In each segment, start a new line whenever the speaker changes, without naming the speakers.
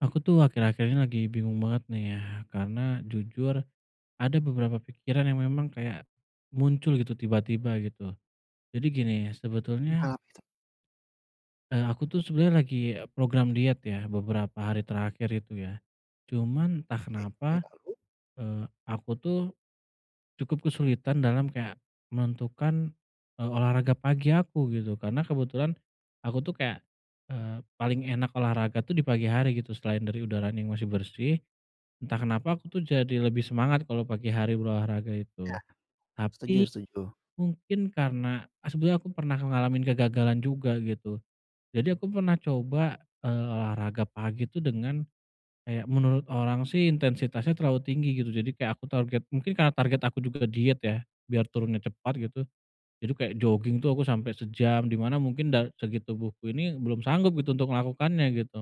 Aku tuh akhir-akhir ini lagi bingung banget nih ya, karena jujur, ada beberapa pikiran yang memang kayak muncul gitu tiba-tiba, gitu. Jadi gini, sebetulnya
Perihal apa itu?
eee, aku tuh sebenernya lagi program diet, ya, beberapa hari terakhir itu, ya, cuman entah
Oke,
kenapa,
ya, lalu?
eee, aku tuh cukup kesulitan dalam kayak menentukan, eee, olahraga pagi aku, gitu, karena kebetulan aku tuh kayak, eee, paling enak olahraga tuh di pagi hari, gitu, selain dari udaranya yang masih bersih, entah kenapa aku tuh jadi lebih semangat kalau pagi hari berolahraga itu.
Ya. Setuju
Tapi
setuju.
mungkin karena, eee, sebenernya aku pernah ngalamin kegagalan juga, gitu. Jadi aku pernah coba, eee, olahraga pagi tuh, dengan kayak menurut orang sih intensitasnya terlalu tinggi, gitu, jadi kayak aku target. Mungkin karena target aku juga ke diet, ya, biar turunnya cepat, gitu, jadi kayak joging tuh aku sampai sejam, di mana mungkin dari segi tubuhku ini belum sanggup, gitu, untuk melakukannya, gitu,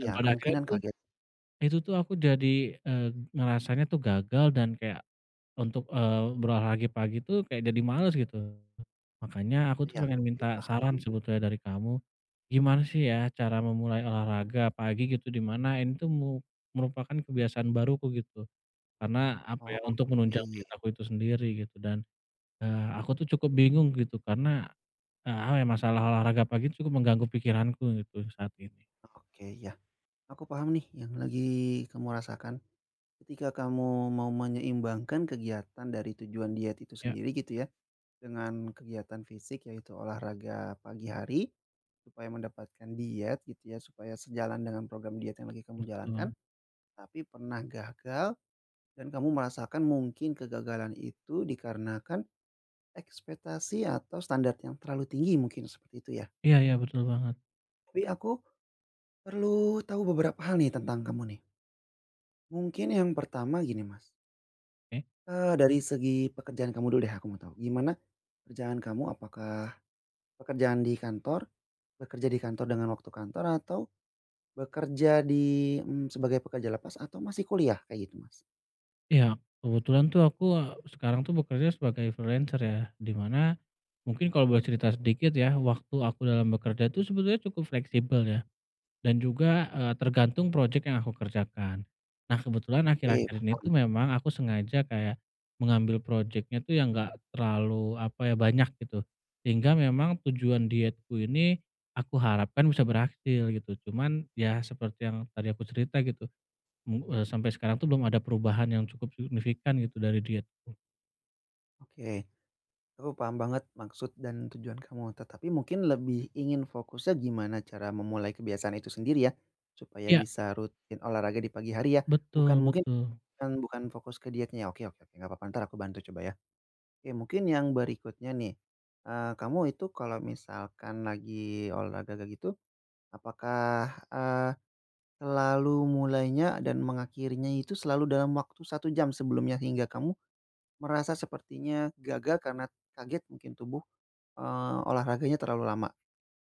dan pada akhirnya
kemungkinan
itu
kaget.
itu tuh aku jadi, eee, ngerasanya tuh gagal dan kayak untuk, eee, berolahraga pagi tuh kayak jadi males, gitu. Makanya aku tuh
Iya,
pengen
oke,
minta saran
paham.
sebetulnya dari kamu, gimana sih, ya, cara memulai olahraga pagi, gitu, di mana ini tuh mu merupakan kebiasaan baruku, gitu? Karena apa,
Oh,
ya, untuk menunjang diet
oke.
aku itu sendiri, gitu, dan, eee, aku tuh cukup bingung, gitu, karena, eee, hal yang masalah olahraga pagi itu mengganggu pikiranku, gitu, saat ini.
Oke, ya, aku paham nih yang lagi kamu rasakan ketika kamu mau menyeimbangkan kegiatan dari tujuan diet itu
Ya.
sendiri, gitu ya, dengan kegiatan fisik, yaitu olahraga pagi hari supaya mendapatkan diet, gitu ya, supaya sejalan dengan program diet yang lagi kamu jalankan,
Betul.
tapi pernah gagal dan kamu merasakan mungkin kegagalan itu dikarenakan ekspektasi atau standar yang terlalu tinggi, mungkin seperti itu ya?
Iya iya, betul banget.
Tapi aku perlu tau beberapa hal nih tentang kamu nih. Mungkin yang pertama, gini, Mas.
Oke.
Eee, dari segi pekerjaan kamu dulu deh, aku mau tau, gimana pekerjaan kamu, apakah pekerjaan di kantor, bekerja di kantor dengan waktu kantor atau bekerja di, mmm, sebagai pekerja lepas, atau masih kuliah? Kayak gitu, Mas.
Iya, kebetulan tuh aku, eee, sekarang tuh bekerja sebagai freelancer, ya, di mana mungkin kalau boleh cerita sedikit, ya, waktu aku dalam bekerja tuh sebetulnya cukup fleksibel, ya, dan juga, eee, tergantung projek yang aku kerjakan. Nah, kebetulan
Oke
akhir-akhir ini
paham.
tuh memang aku sengaja kayak mengambil projeknya tuh yang nggak terlalu apa, ya, banyak, gitu, sehingga memang tujuan dietku ini aku harapkan bisa berhasil, gitu, cuman, ya, seperti yang tadi aku cerita, gitu, mmm, eee, sampai sekarang tuh belum ada perubahan yang cukup signifikan, gitu, dari diet.
Oke. Aku paham banget maksud dan tujuan kamu, tetapi mungkin lebih ingin fokusnya gimana cara memulai kebiasaan itu sendiri, ya, supaya
Iya.
bisa rutin olahraga di pagi hari, ya,
Betul
bukan mungkin
betul.
bukan bukan fokus ke dietnya, oke oke, nggak apa-apa, entar aku bantu coba, ya. Oke, mungkin yang berikutnya nih, eee, kamu itu kalau misalkan lagi olahraga kayak gitu, apakah, eee, selalu mulainya dan mengakhirinya itu selalu dalam waktu 1 jam sebelumnya hingga kamu merasa sepertinya gagal karena kaget mungkin tubuh, eee, olahraganya terlalu lama?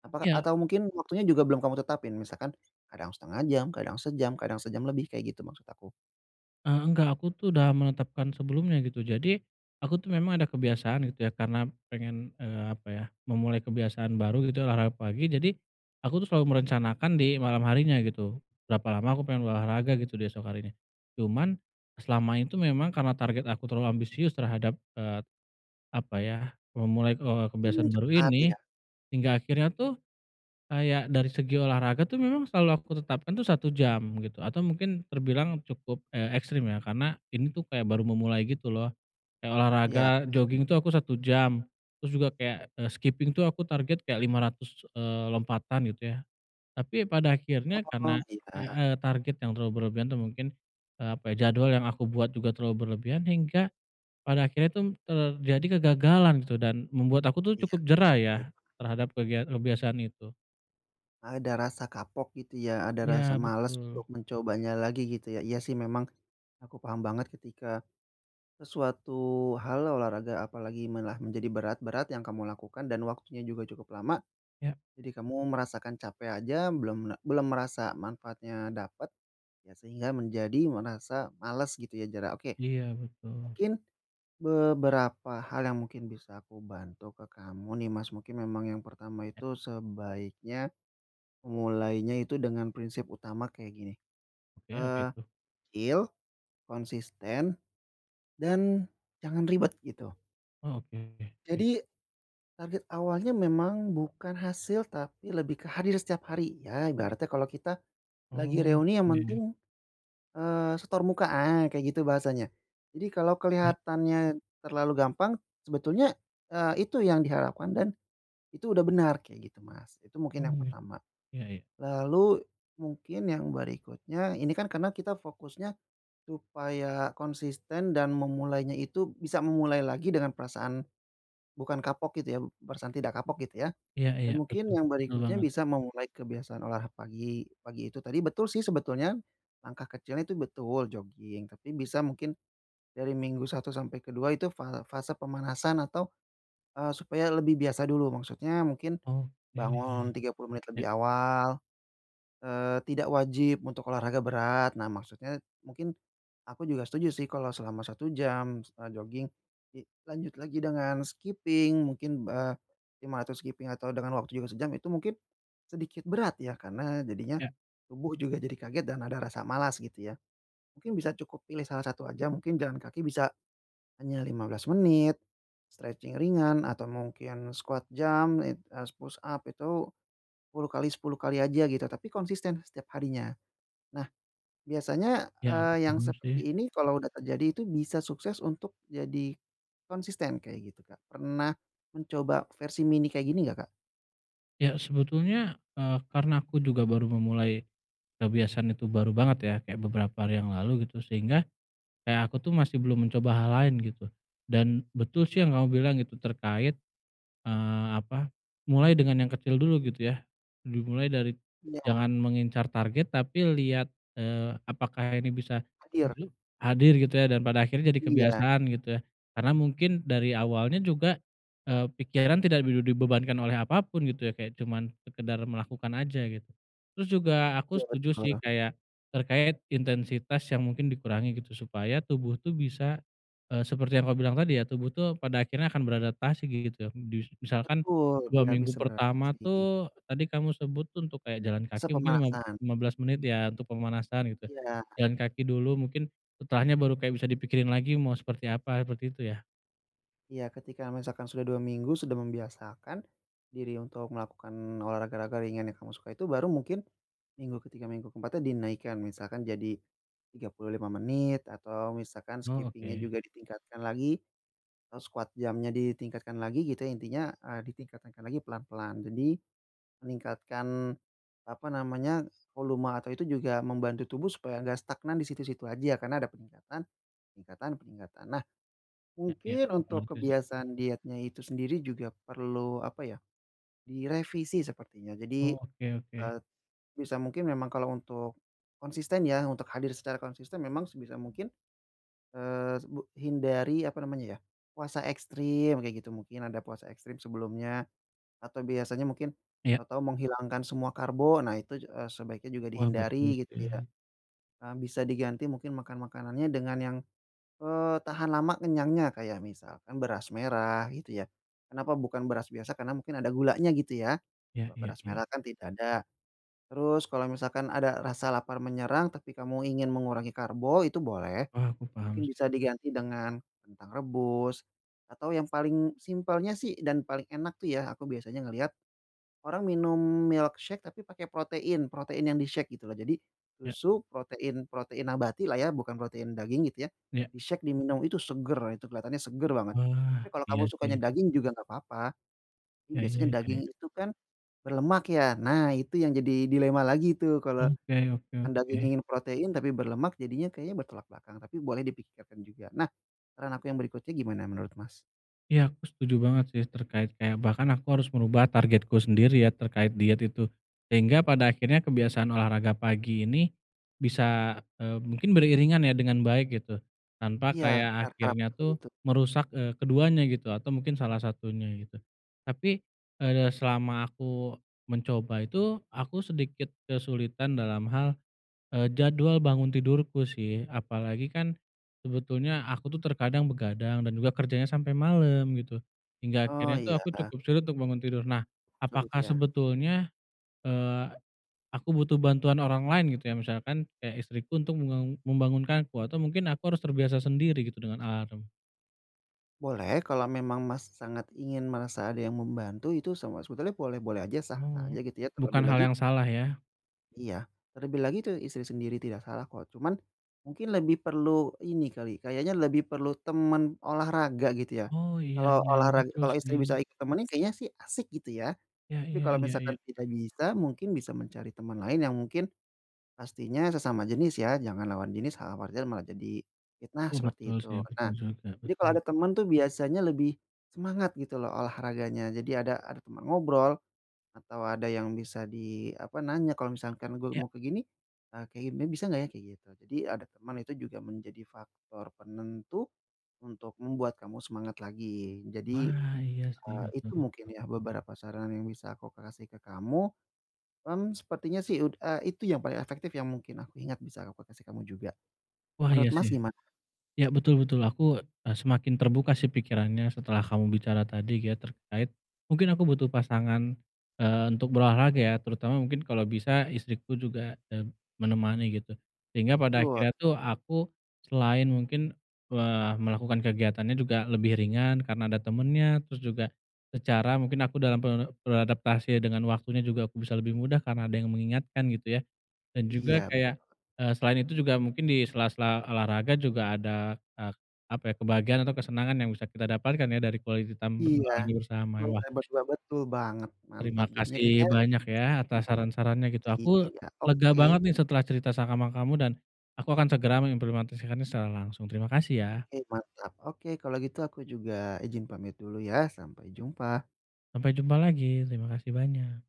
Apakah
Iya.
atau mungkin waktunya juga belum kamu tetapin? Misalkan, kadang 0,5 jam, kadang sejam, kadang sejam lebih, kayak gitu maksud aku.
Eee, nggak, aku tuh udah menetapkan sebelumnya, gitu, jadi aku tuh memang ada kebiasaan, gitu ya, karena pengen, eee, apa, ya, memulai kebiasaan baru, gitu, olahraga pagi, jadi aku tuh selalu merencanakan di malam harinya, gitu, berapa lama aku pengen olahraga, gitu, di esok harinya. Cuman selama itu memang karena target aku terlalu ambisius terhadap, eee, apa, ya, memulai, eee,
Mmm,
kebiasaan
cukup
baru
berat
ini,
ya.
hingga akhirnya tuh kayak dari segi olahraga tuh memang selalu aku tetapkan tuh 1 jam, gitu, atau mungkin terbilang cukup, eee, ekstrim, ya, karena ini tuh kayak baru memulai gitu loh, kayak olahraga,
Iya, betul.
joging itu aku 1 jam, terus juga kayak, eee, skiping tuh aku target kayak 500, eee, lompatan, gitu, ya. Tapi, ya, pada akhirnya
Oh,
karena, eee
iya.
eee, target yang terlalu berlebihan tuh mungkin, eee, apa, ya, jadwal yang aku buat juga terlalu berlebihan, hingga pada akhirnya tuh terjadi kegagalan, gitu, dan membuat aku tuh
Iya.
cukup jera, ya,
Oke.
terhadap kegia kebiasaan itu.
Ada rasa kapok, gitu ya, ada
Iya,
rasa males
betul.
untuk mencobanya lagi, gitu ya. Iya sih, memang aku paham banget ketika sesuatu hal, olahraga, apalagi malah menjadi berat berat yang kamu lakukan dan waktunya juga cukup lama,
Ya.
jadi kamu merasakan capek aja belum la belum merasa manfaatnya dapat ya sehingga menjadi merasa males, gitu ya, jarang. Oke,
Iya, betul.
mungkin beberapa hal yang mungkin bisa aku bantu ke kamu nih, Mas, mungkin memang yang pertama
Ya.
itu sebaiknya mulainya itu dengan prinsip utama kayak gini,
Oke, apa
eee,
itu?
feel, konsisten dan jangan ribet, gitu.
Oh, oke oke oke.
Jadi, target awalnya memang bukan hasil, tapi lebih ke hadir setiap hari. Ya, ibaratnya kalau kita lagi
Oh,
reuni yang
iya, ya.
penting, eee, setor muka, ah, kayak gitu bahasanya. Jadi kalau
Ya.
kelihatannya terlalu gampang, sebetulnya, eee, itu yang diharapkan dan itu udah benar, kayak gitu, Mas, itu mungkin
Oh,
yang
ya.
pertama.
Iya iya.
Lalu mungkin yang berikutnya, ini kan karena kita fokusnya supaya konsisten dan memulainya itu bisa memulai lagi dengan perasaan bukan kapok, gitu ya, perasaan tidak kapok, gitu ya,
Iya
dan
iya,
mungkin
betul,
yang
betul
berikutnya
banget.
bisa memulai kebiasaan olah pagi, pagi itu tadi betul sih, sebetulnya, langkah kecilnya itu betul, joging, tapi bisa mungkin dari minggu 1 sampai ke-2 itu fal fase pemanasan atau, eee, supaya lebih biasa dulu, maksudnya mungkin
Oke.
bangun 30 menit lebih
Ya.
awal, eee, tidak wajib untuk olahraga berat. Nah, maksudnya mungkin aku juga setuju sih kalau selama 1 jam misalnya joging, dilanjut lagi dengan skiping mungkin, eee, 500 skiping atau dengan waktu juga sejam itu mungkin sedikit berat, ya, karena jadinya
Iya.
tubuh juga jadi kaget dan ada rasa malas, gitu ya, mungkin bisa cukup pilih salah satu aja, mungkin jalan kaki bisa hanya 15 menit, stretching ringan, atau mungkin squat jump, it eee, s push up itu 10 kali 10 kali aja, gitu, tapi konsisten setiap harinya. Nah, biasanya,
Iya,
eee, yang
belum sih.
seperti ini kalau udah terjadi itu bisa sukses untuk jadi konsisten, kayak gitu, Kak, pernah mencoba versi mini kayak gini nggak, Kak?
Ya, sebetulnya, eee, karena aku juga baru memulai kebiasaan itu baru banget, ya, kayak beberapa hari yang lalu, gitu, sehingga kayak aku tuh masih belum mencoba hal lain, gitu, dan betul sih yang kamu bilang, gitu, terkait, eee, apa, mulai dengan yang kecil dulu, gitu ya, dimulai dari
Iya.
jangan mengincar target tapi lihat, eee, apakah ini bisa
Hadir.
hadir, gitu ya, dan pada akhirnya jadi
Iya.
kebiasaan, gitu ya. Karena mungkin dari awalnya juga, eee, pikiran tidak bibi dibebankan oleh apa pun, gitu ya, kayak cuman sekedar melakukan aja, gitu. Terus juga aku
Iya,
setuju sih,
betul.
kayak terkait intensitas yang mungkin dikurangi, gitu, supaya tubuh tuh bisa, eee, seperti yang kamu bilang tadi, ya, tubuh tuh pada akhirnya akan beradaptasi, gitu, njus misalkan
Betul,
2
biar
minggu
bisa
pertama
beradaptasi.
tuh, tadi kamu sebut tuh untuk kayak jalan
Se
kaki, mungkin lima b
pemanasan.
lima belas menit, ya, untuk pemanasan, gitu,
Iya.
jalan kaki dulu mungkin setelahnya baru kayak bisa dipikirin lagi mau seperti apa, seperti itu, ya.
Iya ketika misalkan sudah 2 minggu sudah membiasakan diri untuk melakukan olahraga raga ringan yang kamu sukai itu baru mungkin minggu ke-3 minggu ke-4-nya dinaikkan misalkan jadi 35 menit atau misalkan
Oh,
skipping-nya
oke.
juga ditingkatkan lagi, atau squat jump-nya ditingkatkan lagi, gitu. Intinya, eee, ditingkatkan lagi pelan-pelan. Jadi meningkatkan, apa namanya, volume atau itu juga membantu tubuh supaya nggak stagnan di situ-situ aja karena ada peningkatan peningkatan peningkatan. Nah,
Ya ya.
mungkin
Aku
untuk
ngerti sih.
kebiasaan dietnya itu sendiri juga perlu, apa ya, direvisi sepertinya. Jadi,
Oh, oke oke.
eee sebisa mungkin memang kalau untuk konsisten ya, untuk hadir secara konsisten memang sebisa mungkin, eee, s bu hindari apa namanya ya, puasa ekstrim, kayak gitu. Mungkin ada puasa ekstrim sebelumnya atau biasanya mungkin
Ya.
atau menghilangkan semua karbo, nah itu ju eee, sebaiknya juga
Wah, betul
dihindari, gitu ya.
sih.
Eee, bisa diganti mungkin makan makanannya dengan yang, eee, tahan lama kenyangnya kayak misalkan beras merah, gitu ya. Kenapa bukan beras biasa karena mungkin ada gulanya, gitu ya.
Ya
Kalau
ya
beras
ya.
merah kan tidak ada. Terus kalau misalkan ada rasa lapar menyerang, tapi kamu ingin mengurangi karbo itu boleh
Wah, aku paham
mungkin
sih.
bisa diganti dengan kentang rebus atau yang paling simpelnya sih dan paling enak tuh ya aku biasanya ngeliat orang minum milkshake tapi pakai protein. Protein yang di-shake, gitu loh. Jadi,
Ya.
susu, protein protein nabati lah ya, bukan protein daging gitu ya,
Ya.
di-shake, diminum. Itu seger. Itu kelihatannya seger banget, Tapi
Wah,
kalau kamu
iya sih.
sukanya daging juga nggak papa. Mmm,
Ya ya
biasanya
ya ya.
daging itu kan berlemak, ya? Nah, itu yang jadi dilema lagi itu. Kalau
Oke oke
anda
oke.
ingin protein tapi berlemak jadinya kayaknya bertolak belakang tapi boleh dipikirkan juga. Nah, saran aku yang berikutnya gimana menurut, Mas?
Ya, aku setuju banget sih. Terkait kayak, bahkan aku harus merubah targetku sendiri ya, terkait diet itu. Sehingga pada akhirnya kebiasaan olahraga pagi ini bisa, eee, mungkin beriringan ya dengan baik, gitu. Tanpa
Iya,
kayak
benar, Kak.
akhirnya
Betul
tuh
itu.
merusak, eee, keduanya gitu atau mungkin salah satunya, gitu. Tapi, eee, selama aku mencoba itu, aku sedikit kesulitan dalam hal, eee, jadwal bangun tidurku sih apalagi kan sebetulnya aku tuh terkadang begadang dan juga kerjanya sampai malam, gitu. Hingga
Oh,
akhirnya tuh aku
iya.
cukup sulit untuk bangun tidur. Nah,
Sulit
apakah
ya?
sebetulnya, eee, aku butuh bantuan orang lain, gitu ya? Misalkan, kayak istriku untuk mem membangunkanku atau mungkin aku harus terbiasa sendiri gitu dengan alarm?
Boleh, kalau memang, Mas, sangat ingin merasa ada yang membantu, itu sama sebetulnya boleh-boleh aja, sah-sah aja,
Oh,
gitu ya. Terlebih
bukan hal
lagi
yang salah ya.
Iya, terlebih lagi, tuh istri sendiri. Tidak salah kok. Cuma, mungkin lebih perlu ini kali, kayaknya lebih perlu teman olahraga, gitu ya.
Oh, iya
Kalau
iya iya
olahra
betul
kalau istri
sih.
bisa ikut temenin sih kayaknya sih asik, gitu ya.
Ya
Tapi
ya
kalau
ya ya.
misalkan kita bisa, mungkin bisa mencari teman lain yang mungkin pastinya sesama jenis ya, jangan lawan jenis. Hal-hal wajar malah jadi fitnah,
Oh
seperti
betul,
itu.
sih.
Nah,
Betul juga,
jadi kalau
betul.
ada teman tuh biasanya lebih semangat gitu lho olahraganya. Jadi ada ada teman ngobrol atau ada yang bisa di apa nanya, "Kalau misalkan gua
Ya.
mau kayak gini, eh kayak ginian bisa nggak ya?" kayak gitu. Jadi ada teman itu juga menjadi faktor penentu untuk membuat kamu semangat lagi. Jadi,
Wah, iya sih.
eee,
Betul
itu mungkin
betul.
ya beberapa saran yang bisa aku kasih ke kamu. Mmm, sepertinya sih ud eee, itu yang paling efektif yang mungkin aku ingat, bisa aku k kasih ke kamu juga.
Wah, iya
Menurut, Mas,
sih.
gimana?
Ya, betul betul. Aku, eee, semakin terbuka sih pikirannya setelah kamu bicara tadi ya terkait, mungkin aku butuh pasangan, eee, untuk berolahraga ya. Terutama mungkin kalau bisa istriku juga, eee, menemani, gitu. Sehingga pada
Tul.
akhirnya tuh aku selain mungkin, eee, melakukan kegiatannya juga lebih ringan karena ada temennya, terus juga secara mungkin aku dalam ber beradaptasi dengan waktunya juga aku bisa lebih mudah karena ada yang mengingatkan, gitu ya. Dan juga
Iya,
kayak,
betul.
eee, selain itu juga mungkin di sela-sela olahraga juga ada, eee, apa ya, kebahagiaan atau kesenangan yang bisa kita dapatkan ya dari quality time
Iya,
berolahraga bersama,
bota
wah
Betul betul banget. Mantap.
terima
Jadinya, kayaknya
kasih banyak ya, atas
mmm.
saran-sarannya, gitu. Aku
iya.
lega
Oke.
banget nih setelah cerita sama kamu dan aku akan segera mengimplementasikannya secara langsung. Terima kasih, ya.
Oke mantap. Oke, kalau gitu aku juga izin pamit dulu ya. Sampai jumpa.
Sampai jumpa lagi. Terima kasih banyak.